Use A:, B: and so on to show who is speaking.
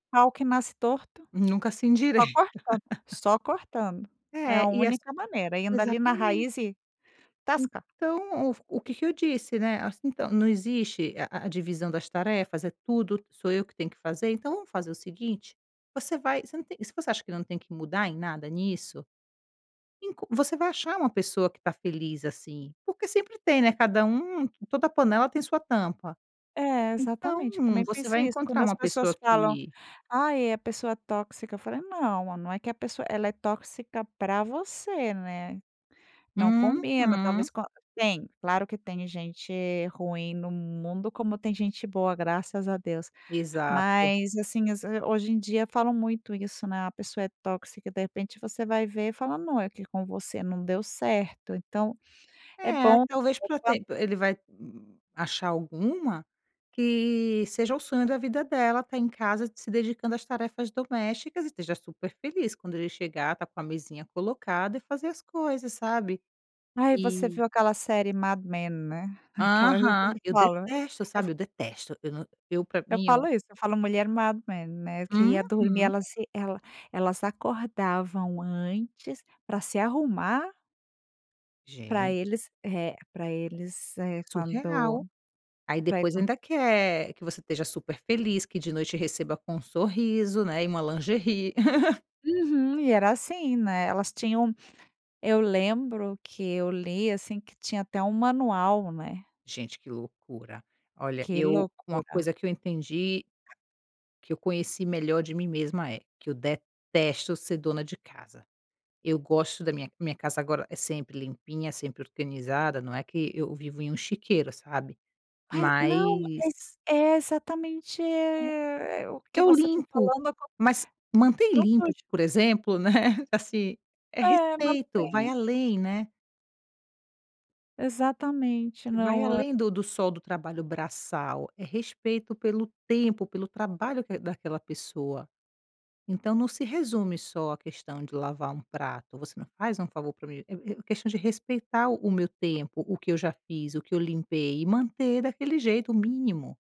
A: Pau que nasce torto.
B: Nunca se
A: Só
B: endireita.
A: cortando, só cortando. É
B: É,
A: a
B: e ass
A: única maneira, indo ali na
B: exatamente.
A: raiz e tascar.
B: Então, o f o que que eu disse, né, assim: "Então, não existe a a divisão das tarefas? É tudo, sou eu que tenho que fazer? Então, vamos fazer o seguinte? Você vai você não tem e se você acha que não tem que mudar em nada nisso, enco você vai achar uma pessoa que tá feliz assim," porque sempre tem, né, cada um toda panela tem sua tampa.
A: É,
B: Então
A: exatamente. Eu também
B: você
A: penso
B: vai
A: isso. Quando
B: encontrar
A: as
B: uma
A: pessoas
B: pessoa
A: falam:
B: que
A: "Ai, a pessoa tóxica," eu falei: "Não, não é que a pessoa ela é tóxica pra você, né." Não combina.
B: Uhum.
A: Talvez com a tem, claro que tem gente ruim no mundo como tem gente boa, graças a Deus.
B: Exato.
A: Mas, assim, às ve e hoje em dia falam muito isso, né, "a pessoa é tóxica", de repente você vai ver e fala: "Não, é que com você não deu certo," então, é
B: É,
A: bom
B: talvez pra
A: [unintelligible]
B: ter ele vai achar alguma que seja o sonho da vida dela, estar em casa, se dedicando às tarefas domésticas e esteja super feliz; quando ele chegar estar com a mesinha colocada e fazer as coisas, sabe.
A: Ai, você
B: E
A: viu aquela série Mad Men, né. Aquela ali eu
B: Aham.
A: sempre
B: Eu
A: falo
B: detesto,
A: eu f
B: sabe, eu detesto. Eu na eu pra
A: eu
B: mim, é.
A: falo isso, eu falo: "Mulher Mad Men," né, que ia dormir
B: Uhum.
A: ela se ela elas acordavam antes pra se arrumar pra
B: Gente.
A: eles, eh, pra eles, eh, quando
B: Surreal. Aí
A: pra e
B: depois
A: qua
B: ainda quer que você esteja super feliz, que de noite receba com um sorriso, né, e uma lingerie.
A: Uhum. E era assim, né, elas tinham eu lembro que eu li, assim, que tinha até um manual, né.
B: Gente, que loucura. Olha
A: Que
B: eu uma
A: loucura.
B: coisa que eu entendi que eu conheci melhor de mim mesma é: que eu detesto ser dona de casa. Eu gosto da minha minha casa agora é sempre limpinha, sempre organizada, não é que eu vivo em um chiqueiro, sabe.
A: Mai, não exa
B: Mas
A: é, exatamente,
B: é,
A: eh, o que
B: eu
A: você tá
B: limpo.
A: falando acon
B: Mas manter
A: Não
B: limpo,
A: surge.
B: por exemplo, né, assim, é
A: É, não
B: respeito. Vai
A: tem.
B: além, né.
A: Exatamente,
B: Vai
A: não o
B: além do do só do trabalho braçal. É respeito pelo tempo, pelo trabalho que daquela pessoa. Então não se resume só à questão de lavar um prato. Você não faz um favor pra mim, é é questão de respeitar o o meu tempo, o que eu já fiz, o que eu limpei e manter daquele jeito, mínimo.